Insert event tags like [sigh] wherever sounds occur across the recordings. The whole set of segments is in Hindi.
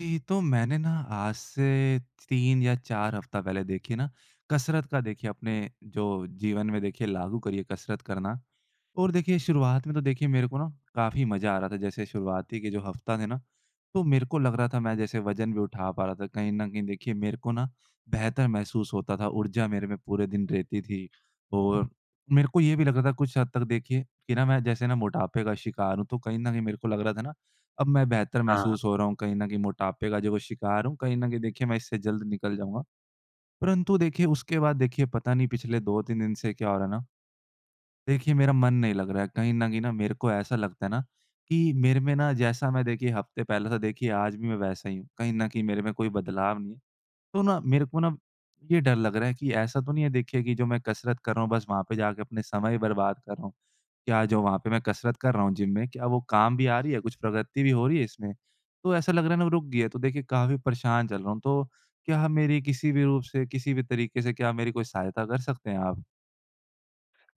जी। तो मैंने ना, आज से च 3 या 4 हफ़्ता पहले देखिए ना, कसरत का देखिए, अपने जो जीवन में देखिए, लागू करी है, कसरत करना। और देखिए, शुरुआत में तो देखिए, मेरे को ना काफ़ी मज़ा आ रहा था। जैसे शुरुआती के जो हफ़्ता थे ना? तो मेरे को लग रहा था, मैं जैसे वज़न भी उठा पा रहा था, कहीं न कहीं देखिए, मेरे को ना बेहतर महसूस होता था, ऊर्जा मेरे में पूरे दिन रहती थी। और मेरे को ये भी लग रहा था कुछ हद तक देखिए, कि ना मैं जैसे ना मोटापे का शिकार हूँ, तो कहीं न कहीं मेरे को लग रहा था ना, अब मैं बेहतर हाँ, हाँ। महसूस हो रहा हूँ, कहीं न कहीं मोटापे का जो वो शिकार हूँ, कहीं न कहीं देखिए, मैं इससे जल्द निकल जाऊँगा। परंतु देखिए, उसके बाद देखिए, पता नहीं पिछले 2-3 दिन से क्या हो रहा है ना। देखिए, मेरा मन नहीं लग रहा है। कहीं न कहीं ना, मेरे को ऐसा लगता है ना कि मेरे में ना, जैसा मैं देखिए, हफ़्ते पहले था देखिए, आज भी मैं वैसा ही हूँ। कहीं न कहीं मेरे में कोई बदलाव नहीं। तो ना, मेरे को ना ये डर लग रहा है कि ऐसा तो नहीं है देखिए, कि जो मैं कसरत कर रहा हूँ, बस वहाँ पे जाके अपना समय बर्बाद कर रहा हूँ। क्या जो वहाँ पे मैं कसरत कर रहा हूँ जिम में, क्या वो काम भी आ रही है, कुछ प्रगति भी हो रही है इसमें? तो ऐसा लग रहा है ना, वो रुक गई है। तो देखिए, काफ़ी परेशान चल रहा हूँ। तो क्या मेरी किसी भी रूप से, किसी भी तरीके से, क्या मेरी कोई सहायता कर सकते हैं आप?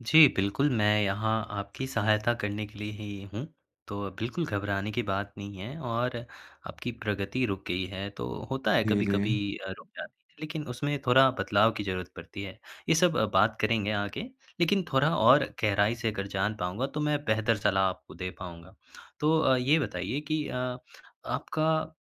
जी, बिल्कुल, मैं यहाँ आपकी सहायता करने के लिए ही हूँ। तो बिल्कुल घबराने की बात नहीं है और आपकी प्रगति रुक गई है तो होता है, जी, कभी-कभी जी। अ, रुक जाती है, लेकिन उसमें थोड़ा बदलाव की ज़रूरत पड़ती है। ये सब अ, बात करेंगे आगे। लेकिन थोड़ा और गहराई से अगर जान पाऊँगा, तो मैं बेहतर सलाह आपको दे पाऊँगा। तो अ, ये बताइए कि अ, आपका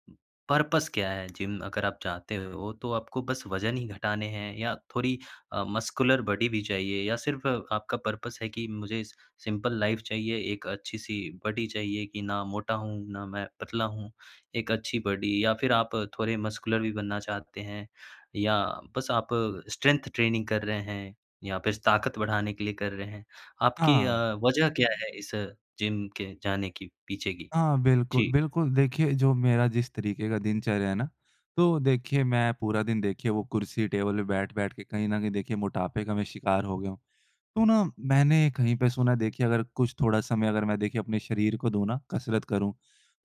पर्पज़ क्या है? जिम अगर आप चाहते हो तो आपको बस वज़न ही घटाने हैं या थोड़ी अ, मस्कुलर बॉडी भी चाहिए या सिर्फ़ आपका पर्पज़ है कि मुझे स सिंपल लाइफ़ चाहिए, एक अच्छी सी बॉडी चाहिए कि ना मोटा हूँ, ना मैं पतला हूँ। एक अच्छी बॉडी या फिर आप थोड़े मस्कुलर भी बनना चाहते हैं? या बस आप स्ट्रेंथ ट्रेनिंग कर रहे हैं, या फिर ताक़त बढ़ाने के लिए कर रहे हैं? आपकी अ, हाँ। वजह क्या है, इस जिम के जाने के पीछे की? हाँ, जी। बिल्कुल-बिल्कुल। देखिए, जो मेरा जिस तरीके की दिनचर्या है ना, तो देखिए, मैं पूरा दिन, देखिए, वो कुर्सी-टेबल पे बैठ-बैठ के कहीं न कहीं देखिए, मोटापे का मैं शिकार हो गया हूँ। तो ना, मैंने कहीं पे सुना है देखिए, अगर कुछ थोड़ा समय अगर मैं देखिए, अपने शरीर को दूँ ना, कसरत करूँ,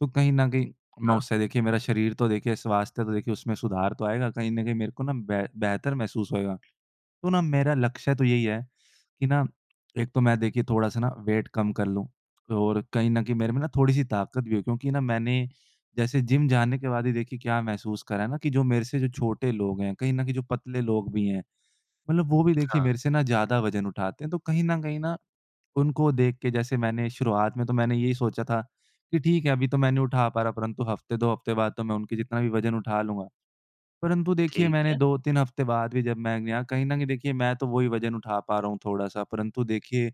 तो कहीं न कहीं मैं हाँ। उससे देखिए, मेरा शरीर तो देखिए, स्वास्थ्य तो देखिए, उसमें सुधार तो आएगा। कहीं न कहीं मेरे को ना बे बेहतर महसूस होएगा। तो ना, मेरा लक्ष्य तो यही है कि ना, एक तो मैं देखिए, थोड़ा-सा ना वेट कम कर लूँ, और कहीं न कहीं मेरे में ना थोड़ी-सी ताकत भी हो। क्योंकि ना, मैंने जैसे जिम जाने के बाद ही देखिए, क्या महसूस कर रहा है ना, कि जो मेरे से जो छोटे लोग हैं, कहीं न कहीं, जो पतले लोग भी हैं, मतलब वो भी, देखिए, हाँ। मेरे से ना ज़्यादा वज़न उठाते हैं। तो कहीं न कहीं न, उनको देख के, जैसे मैंने शुरुआत में तो यही सोचा था कि ठीक है, अभी तो मैं नहीं उठा पा रहा, परंतु हफ़्ते, 2 हफ़्ते बाद तो मैं उनके जितना भी वज़न उठा लूँगा। परंतु देखिए, ठीक मैंने है। 2-3 हफ़्ते बाद भी, जब मैं कहीं न कहीं देखिए, मैं तो वही वज़न उठा पा रहा हूँ थोड़ा-सा, परंतु देखिए,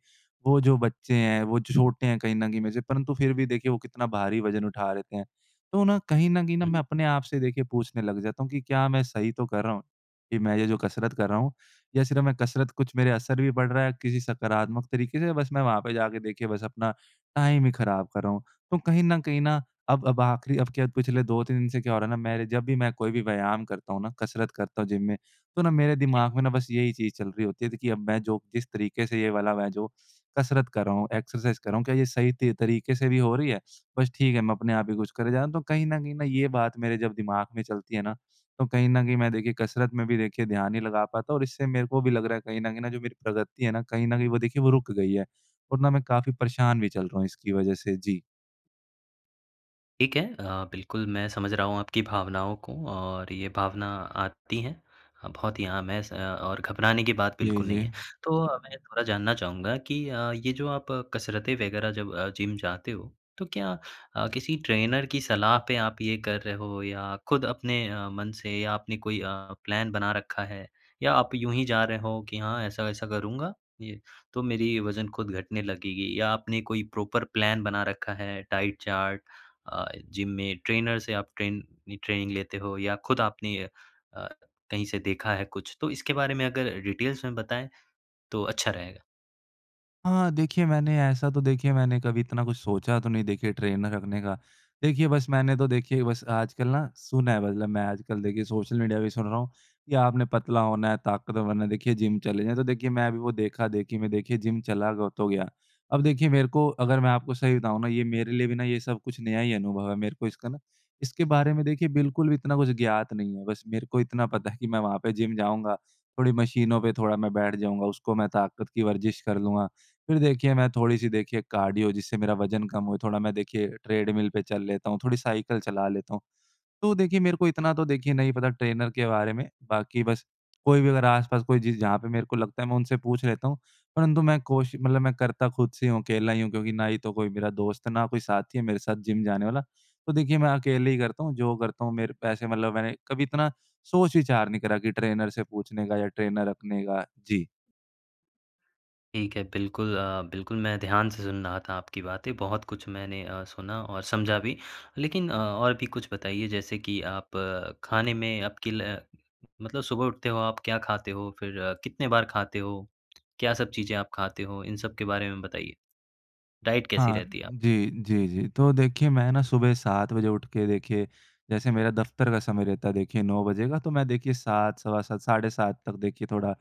वो जो बच्चे हैं, वो छ छोटे हैं कहीं न कहीं में से, परंतु फिर भी, देखिए, वो कितना भारी वज़न उठा देते हैं। तो ना, कहीं न कहीं न, मैं हुँ। अपने आप से, देखिए, पूछने लग जाता हूँ कि क्या मैं सही तो कर रहा हूँ? कि मैं ये जो कसरत कर रहा हूँ, या सिर्फ़ मैं कसरत कर रहा हूँ, कुछ मेरे असर भी पड़ रहा है किसी सकारात्मक तरीके से? बस मैं वहाँ पे जा के देखिए, बस अपना टाइम ही खराब कर रहा हूँ? तो कहीं न कहीं न अब अब आख़िरी, अब क्या पिछले 2-3 दिन से क्या हो रहा है ना, मेरे जब भी मैं कोई भी व्यायाम करता हूँ ना, कसरत करता हूँ जिम में, तो ना, मेरे जी। दिमाग में ना बस यही चीज़ चल रही होती है देखिए, अब मैं जो, जिस तरीके से ये वाला मैं जो कसरत कर रहा हूँ, एक्सरसाइज़ कर रहा हूँ, क्या ये सही त तरीके से भी हो रही है? बस ठीक है, मैं अपने आप ही कुछ करे जा रहा हूँ। तो कहीं न कहीं, ये बात मेरे जब दिमाग में चलती है ना, तो कहीं न कहीं मैं देखिए, कसरत में भी देखिए, ध्यान नहीं लगा पाता और इससे मेरे को भी लग रहा है कहीं न कहीं, जो मेरी प्रगति है ना, कहीं न कहीं वो देखिए, वो रुक गई है। और ना, मैं काफ़ी परेशान भी चल रहा हूँ इसकी वजह से। जी। ठीक है। अ, बिल्कुल मैं समझ रहा हूँ आपकी भावनाओं को और ये भावना आती हैं, बहुत ही आम हैं स अ, और घबराने की बात जी, बिल्कुल भी नहीं जी। है। तो अ, मैं थोड़ा जानना चाहूँगा कि अ, ये जो आप कसरत वग़ैरह जब अ, जिम जाते हो, तो क्या अ, किसी ट्रेनर की सलाह पे आप ये कर रहे हो या खुद अपने अ, मन से आपने कोई अ, प्लान बना रखा है? या आप यूँ ही जा रहे हो कि हाँ, ऐसा-ऐसा करूँगा ये तो मेरी वज़न खुद घटने लगेगी या आपने कोई प्रॉपर प्लान बना रखा है, डाइट चार्ट अ, जिम में ट्रेनर से आप ट्रेन ये ट्रेनिंग लेते हो या खुद आपने अ, कहीं से देखा है कुछ? तो इसके बारे में अगर डिटेलस में बताएँ, तो अच्छा रहेगा। हाँ। देखिए, मैंने ऐसा तो, देखिए, मैंने कभी इतना कुछ सोचा तो नहीं। देखिए, ट्रेनर रखने का। देखिए, बस मैंने तो देखिए, बस आजकल ना सुना है। मतलब, मैं आजकल देखिए, सोशल मीडिया भी सुन रहा हूँ कि आपने पतला होना है, ताकतवर बनना है, देखिए, जिम चले जाएँ। तो देखिए, मैं भी वो देखा-देखी में देखिए, जिम चला ग तो हो गया। अब देखिए, मेरे को अगर मैं आपको सही बताऊँ ना, ये मेरे लिए भी ना, ये सब कुछ नया ही अनुभव है। मेरे को इसका ना, इसके बारे में देखिए, बिल्कुल भी इतना कुछ ज्ञात नहीं है। बस मेरे को इतना पता है [chuckles] कि मैं वहाँ पे जिम जाऊँगा, थोड़ी मशीनों पे थोड़ा मैं बैठ जाऊँगा, उसको मैं ताकत की वर्ज़िश कर लूँगा। फिर देखिए, मैं थोड़ी-सी देखिए, कार्डियो, जिससे मेरा वजन कम हो, थोड़ा मैं देखिए, ट्रेडमिल पर चल लेता हूँ, थोड़ी साइकिल चला लेता हूँ। तो देखिए, मेरे को इतना तो, देखिए, नहीं पता ट्रेनर के बारे में। बाकी बस कोई भी अगर आस-पास कोई, जिस जहाँ पे मेरे को लगता है, मैं उनसे पूछ लेता हूँ। परंतु मैं कोशि मतलब मैं करता खुद से ही हूँ। अकेला ही हूँ। क्योंकि ना ही तो कोई मेरा दोस्त है, ना कोई साथी है मेरे साथ जिम जाने वाला। तो देखिए, मैं अकेले ही करता हूँ जो करता हूँ। मेरे वैसे मतलब मैंने कभी इतना सोच-विचार नहीं करा कि ट्रेनर से पूछने का या ट्रेनर रखने का। जी। ठीक है। बिल्कुल, अ, बिल्कुल, मैं ध्यान से सुन रहा था आपकी बातें। बहुत कुछ मैंने अ, सुना और समझा भी। लेकिन अ, और भी कुछ बताइए। जैसे कि आप खाने में, आपकी, ल मतलब सुबह उठते हो आप, क्या खाते हो? फिर कितनी बार खाते हो? क्या-सब चीज़ें आप खाते हो? इन सब के बारे में बताइए। डाइट कैसी हाँ, रहती है आपकी? जी, जी, जी। तो देखिए, मैं ना सुबह 7 बजे उठ के देखिए, जैसे मेरा दफ़्तर का समय रहता है देखिए, 9 बजे का, तो मैं देखिए, 7, सवा 7, साढ़े 7 तक देखिए, थोड़ा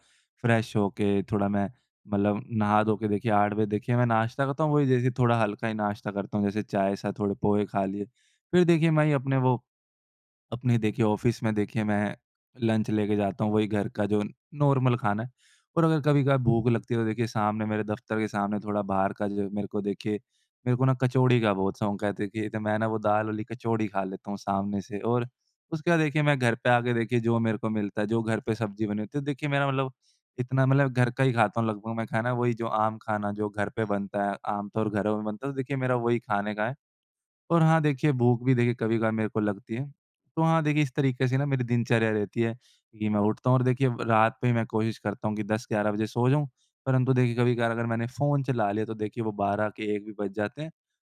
फ़्रेश हो के, थोड़ा मैं मतलब नहा-धो के देखिए, 8 बजे देखिए, मैं नाश्ता करता हूँ। वही जैसे थोड़ा हल्का ही नाश्ता करता हूँ। जैसे चाय साथ थोड़े पोहे खा लिए। फिर देखिए, मैं ये अपने वो, अपने देखिए, ऑफिस में देखिए, मैं लंच लेके जाता हूँ। वही घर का जो नॉर्मल खाना है। और अगर कभी-कभार भूख लगती है तो देखिए, सामने मेरे दफ़्तर के सामने, थोड़ा बाहर का जो, मेरे को देखिए, मेरे को ना कचौड़ी का बहुत शौक है। देखिए, तो मैं ना वो दाल वाली कचौड़ी खा लेता हूँ सामने से। और उसके बाद देखिए, मैं घर पे आ के देखिए, जो मेरे को मिलता है, जो घर पे सब्ज़ी बनी होती है, देखिए, मेरा मतलब, इतना मतलब, घर का ही खाता हूँ लगभग मैं खाना। वही जो आम खाना, जो घर पे बनता है, आम तौर घरों में बनता है। तो देखिए, मेरा वही खाने का है। और हाँ, देखिए, भूख भी देखिए, कभी-कभार मेरे को लगती है। तो हाँ, देखिए, इस तरीके से ना मेरी दिनचर्या रहती है कि मैं उठता हूँ और देखिए, व रात पे ही मैं कोशिश करता हूँ कि 10-11 बजे सो जाऊँ। परंतु देखिए, कभी-कभार अगर मैंने फ़ोन चला लिया तो देखिए, वो 12 के 1 भी बज जाते हैं।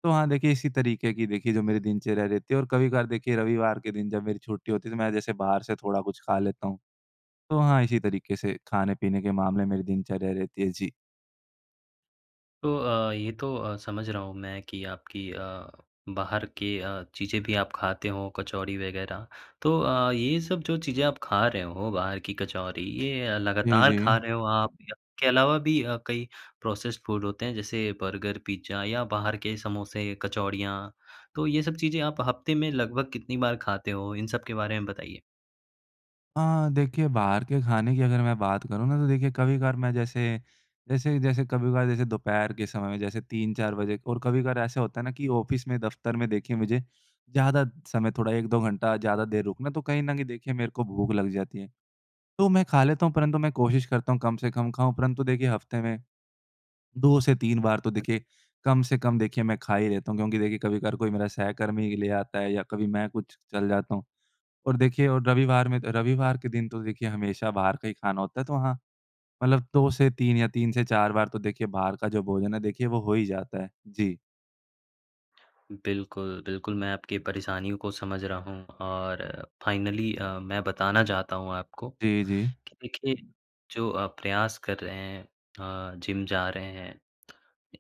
तो हाँ, देखिए, इसी तरीके की देखिए, जो मेरी दिनचर्या रहती है। और कभी-कभार देखिए, रविवार के दिन, जब मेरी छुट्टी होती है तो मैं जैसे बाहर से थोड़ा कुछ खा लेता हूँ। तो हाँ, इसी तरीके से, खाने-पीने के मामले मेरी दिनचर्या रहती है। जी। तो अ, ये तो अ, समझ रहा हूँ मैं कि आपकी अ, बाहर की अ, चीज़ें भी आप खाते हो, कचौड़ी वग़ैरह। तो अ, ये सब जो चीज़ें आप खा रहे हो, बाहर की कचौड़ी, ये अ, जी, लगातार खा जी। रहे हो आप या के अलावा भी अ, कई प्रोसेस्ड फूड होते हैं, जैसे बर्गर, पिज़्ज़ा या बाहर के समोसे, कचौड़ियाँ। तो ये सब चीज़ें आप हफ़्ते में लगभग कितनी बार खाते हो? इन सब के बारे में बताइए। हाँ। देखिए, बाहर के खाने की अगर मैं बात करूँ ना, तो देखिए, कभी-कभार मैं जैसे, जैसे जैसे कभी-कभार जैसे दोपहर के समय में जैसे 3-4 बजे और कभी-कभार ऐसा होता है ना कि ऑफिस में, दफ़्तर में देखिए, मुझे ज़्यादा समय थोड़ा 1-2 घंटा ज़्यादा देर रुकना। तो कहीं न कहीं देखिए, मेरे को भूख लग जाती है, तो मैं खा लेता हूँ। परंतु मैं कोशिश करता हूँ कम से कम खाऊँ। परंतु देखिए, हफ़्ते में 2 से 3 बार तो हुँ। देखिए, कम से कम देखिए, मैं खा ही लेता हूँ। क्योंकि देखिए, कभी-कभार कोई मेरा सहकर्मी ही ले आता है या कभी मैं कुछ चल जाता हूँ। और देखिए और रविवार में त रविवार के दिन तो देखिए, हमेशा बाहर का ही खाना होता है। तो हाँ, मतलब 2 से 3 या 3 से 4 बार तो देखिए, बाहर का जो भोजन है, देखिए वो हो ही जाता है। जी। बिल्कुल, बिल्कुल, मैं आपकी परेशानियों को समझ रहा हूँ। और फ़ाइनली अ, मैं बताना चाहता हूँ आपको, जी, कि जी। देखिए, जो आप प्रयास कर रहे हैं, अ, जिम जा रहे हैं,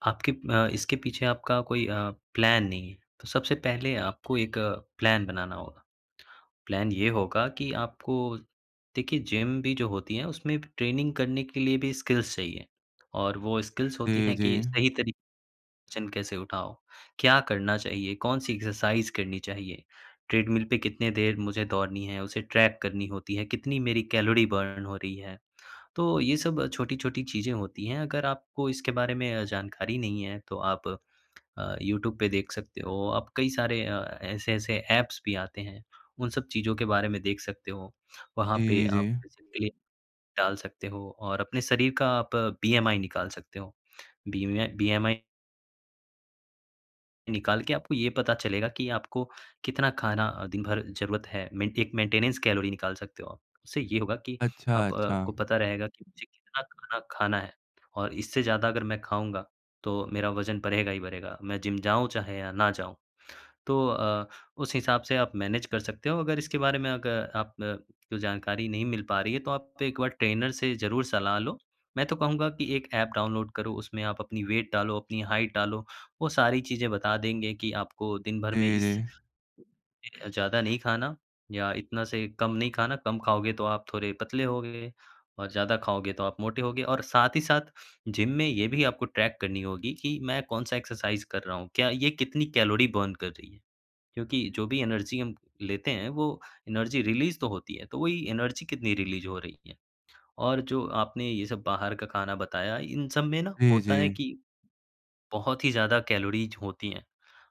आपके अ, इसके पीछे आपका कोई अ, प्लान नहीं है। तो सबसे पहले आपको एक प्लान बनाना होगा। प्लान ये होगा कि आपको, देखिए, जिम भी जो होती है, उसमें ट्रेनिंग करने के लिए भी स्किल्स चाहिए। और वो स्किल्स होती जी, हैं कि जी। सही तरी [unintelligible] जन कैसे उठाओ। क्या करना चाहिए, कौन-सी एक्सरसाइज़ करनी चाहिए, ट्रेडमिल पे कितनी देर मुझे दौड़नी है, उसे ट्रैक करनी होती है, कितनी मेरी कैलोरी बर्न हो रही है। तो ये सब छोटी-छोटी चीज़ें होती हैं। अगर आपको इसके बारे में अ, जानकारी नहीं है, तो आप अ, यूट्यूब पे देख सकते हो। आप कई सारे अ, ऐसे-ऐसे ऐप्स भी आते हैं, उन सब चीज़ों के बारे में देख सकते हो। वहाँ पे जी, आप जी। बेसिकली डाल सकते हो और अपने शरीर का आप बीएमआई निकाल सकते हो। बीएमए बीएमआई निकाल के आपको ये पता चलेगा कि आपको कितना खाना अ, दिन भर ज़रूरत है। मेंट एक मेंटेनेंस कैलोरी निकाल सकते हो आप। उससे ये होगा कि अच्छा, आप अ, को अच्छा। पता रहेगा कि मुझे कितना खाना खाना है, और इससे ज़्यादा अगर मैं खाऊँगा तो मेरा वज़न बढ़ेगा ही बढ़ेगा। मैं जिम जाऊँ, चाहे या ना जाऊँ। तो अ, उस हिसाब से आप मैनेज कर सकते हो। अगर इसके बारे में अग आप न कोई जानकारी नहीं मिल पा रही है, तो आप एक बार ट्रेनर से ज़रूर सलाह लो। मैं तो कहूँगा कि एक एप डाउनलोड करो, उसमें आप अपनी वेट डालो, अपनी हाइट डालो। वो सारी चीज़ें बता देंगे कि आपको दिन भर में जी, इस जी। अ, ज़्यादा नहीं खाना, या इतना से कम नहीं खाना। कम खाओगे तो आप थोड़े पतले होगे, और ज़्यादा खाओगे तो आप मोटे होगे। और साथ ही साथ जिम में ये भी आपको ट्रैक करनी होगी कि मैं कौन-सा एक्सरसाइज़ कर रहा हूँ। क्या ये कितनी कैलोरी बर्न कर रही है? क्योंकि जो भी एनर्जी हम लेते हैं, वो एनर्जी रिलीज़ तो होती है। तो वही एनर्जी कितनी रिलीज़ हो रही है। और जो आपने ये सब बाहर का खाना बताया, इन सब में ना जी, होता है जी। कि बहुत ही ज़्यादा कैलोरीज़ होती हैं।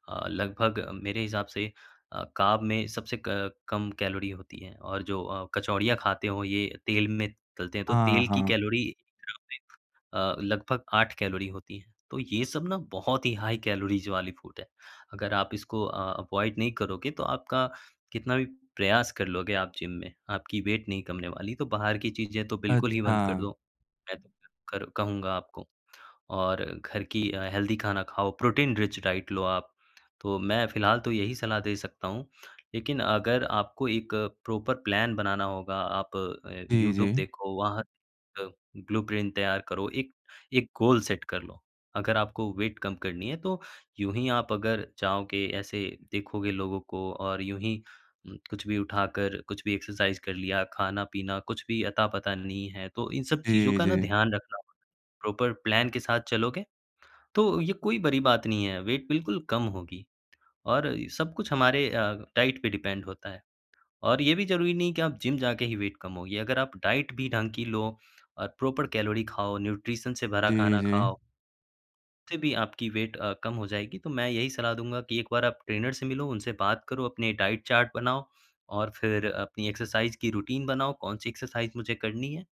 अ, लगभग मेरे हिसाब से अ, कार्ब में सबसे क कम कैलोरी होती है। और जो अ, कचौड़ियाँ खाते हो ये तेल में तलते हैं तो हाँ, तेल की हाँ। कैलोरी [unintelligible] अ, लगभग 8 कैलोरी होती है। तो ये सब ना बहुत ही हाई कैलोरीज़ वाली फूड है। अगर आप इसको अ, अवॉइड नहीं करोगे, तो आपका कितना भी प्रयास कर लोगे आप जिम में, आपकी वेट नहीं कम होने वाली। तो बाहर की चीज़ें तो बिल्कुल ही बंद कर दो। अच्छा। मैं तो कर कहूँगा आपको। और घर की अ, हेल्दी खाना खाओ, प्रोटीन रिच डाइट लो आप। तो मैं फ़िलहाल तो यही सलाह दे सकता हूँ। लेकिन अगर आपको एक प्रॉपर प्लान बनाना होगा, आप ए, जी, यूट्यूब जी। देखो, वहाँ [unintelligible] अ, ब्लू प्रिन्ट तैयार करो, एक-एक गोल सेट कर लो। अगर आपको वेट कम करनी है, तो यूँही आप अगर चाहोगे, ऐसे देखोगे लोगों को और यूँ ही उम, कुछ भी उठा कर, कुछ भी एक्सरसाइज़ कर लिया, खाना-पीना कुछ भी अता-पता नहीं है तो इन सब चीज़ों जी, का ना जी। ध्यान रखना होगा। प्रॉपर प्लान के साथ चलोगे, तो ये कोई बड़ी बात नहीं है। वेट बिल्कुल कम होगी। और सब कुछ हमारे अ, डाइट पे डिपेंड होता है। और ये भी ज़रूरी नहीं है कि आप जिम जाके ही वेट कम होगी। अगर आप डाइट भी ढंग की लो, और प्रॉपर कैलोरी खाओ, न्यूट्रिशन से भरा जी, खाना जी। खाओ फिर भी आपकी वेट अ, कम हो जाएगी। तो मैं यही सलाह दूँगा कि एक बार आप ट्रेनर से मिलो, उनसे बात करो, अपने डाइट चार्ट बनाओ, और फिर अपनी एक्सरसाइज़ की रूटीन बनाओ, कौन-सी एक्सरसाइज़ मुझे करनी है।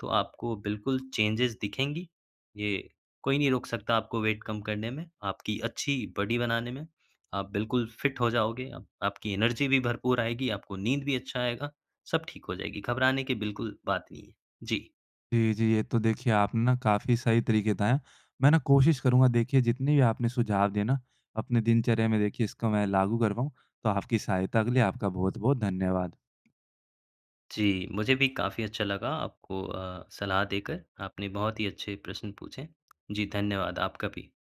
तो आपको बिल्कुल चेंजस दिखेंगी। ये कोई नहीं रोक सकता आपको वेट कम करने में, आपकी अच्छी बॉडी बनाने में। आप बिल्कुल फ़िट हो जाओगे, आपकी एनर्जी भी भरपूर आएगी, आपको नींद भी अच्छा आएगा। सब ठीक हो जाएगी। घबराने की बिल्कुल बात नहीं है। जी। जी, जी। ये तो देखिए, आपने ना काफ़ी सही तरीके बताए हैं। मैं ना कोशिश करूँगा, देखिए, जितने भी आपने सुझाव दिए हैं ना, अपने दिनचर्या में देखिए, इसको मैं लागू कर पाऊँ। तो आपकी सहायता के लिए आपका बहुत-बहुत धन्यवाद। जी, मुझे भी काफ़ी अच्छा लगा आपको अ, सलाह देकर। आपने बहुत ही अच्छे प्रश्न पूछे। जी, धन्यवाद आपका भी।